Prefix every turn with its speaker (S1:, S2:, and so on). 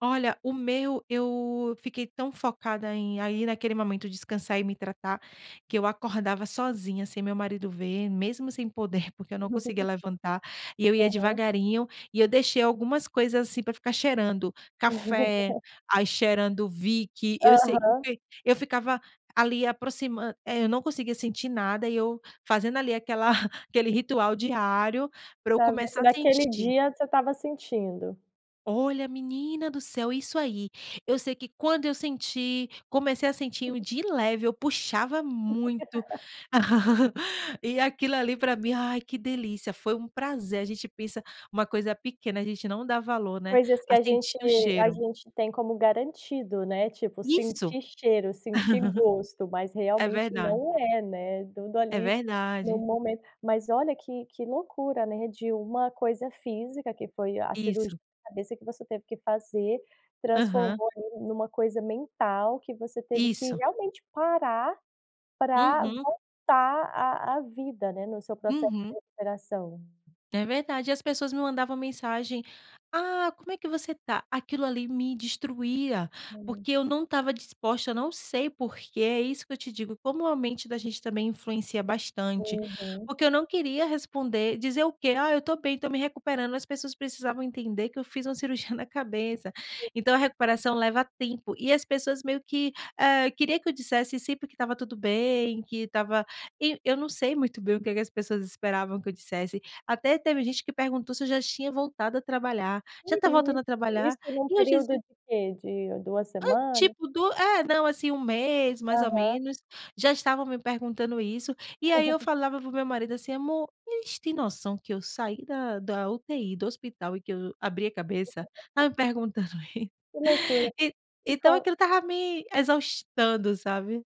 S1: Olha, o meu, eu fiquei tão focada em, aí, naquele momento, descansar e me tratar, que eu acordava sozinha, sem meu marido ver, mesmo sem poder, porque eu não conseguia levantar, e eu ia
S2: Aham.
S1: devagarinho, e eu deixei algumas coisas, assim, para ficar cheirando, café, aí cheirando Vick, eu sei que eu
S2: Aham.
S1: [unintelligible] eu ficava, ali, aproximan é, eu não conseguia sentir nada e eu fazendo, ali, aquela aquele ritual diário, para eu
S2: Talvez se
S1: começar a
S2: naquele
S1: sentir.
S2: dia você estava sentindo.
S1: Olha, menina do céu, é isso aí. Eu sei que quando eu senti comecei a sentir o de leve, eu puxava muito. E aquilo ali para mim, ai, que delícia, foi um prazer, a gente pensa: "Uma coisa pequena", a gente não dá valor, né,
S2: Coisas que
S1: a
S2: a
S1: sentir
S2: gente
S1: o
S2: a
S1: cheiro.
S2: gente tem como garantido, né, tipo
S1: Isso.
S2: sentir cheiro, sentir gosto, mas
S1: É
S2: realmente
S1: verdade.
S2: não é, né, tudo
S1: É
S2: ali, no
S1: verdade.
S2: momento. Mas olha, que que loucura, né, de uma coisa física, que foi a cirurgia
S1: Isso.
S2: de cabeça que você teve que fazer,
S1: Aham.
S2: transformou em uma coisa mental, que você teve que,
S1: Isso.
S2: realmente, parar para
S1: Uhum.
S2: voltar à à vida, né, no seu processo de
S1: Uhum.
S2: recuperação.
S1: É verdade, e as pessoas me mandavam mensagem: "Ah, como é que você tá?", aquilo ali me destruía,
S2: Hum.
S1: porque eu não estava disposta, eu não sei porque, é isso que eu te digo, como a mente da gente também influencia bastante,
S2: Uhum.
S1: porque eu não queria responder, dizer o quê? "Ah, eu estou bem, estou me recuperando", as pessoas precisavam entender que eu fiz uma cirurgia na cabeça, então a recuperação leva tempo, e as pessoas meio que, eh, queria que eu dissesse sempre que estava tudo bem, que estava e eu não sei muito bem o que que as pessoas esperavam que eu dissesse, até teve gente que perguntou se eu já tinha voltado a trabalhar, "já está
S2: [unintelligible]
S1: voltando a trabalhar?",
S2: Isso em um
S1: e eu
S2: período
S1: dizia
S2: de que, de 2
S1: Hã,
S2: semanas?
S1: tipo du é, não, assim, 1 mês, mais ou
S2: Aham.
S1: menos, já estavam me perguntando isso, e aí eu falava para o meu marido assim: "Amor, eles têm noção que eu saí da da UTI, do hospital, e que eu abri a cabeça?
S2: [unintelligible]
S1: Tá me perguntando i".
S2: Que loucura.
S1: E
S2: E
S1: então
S2: com
S1: aquilo estava me exaustando, sabe.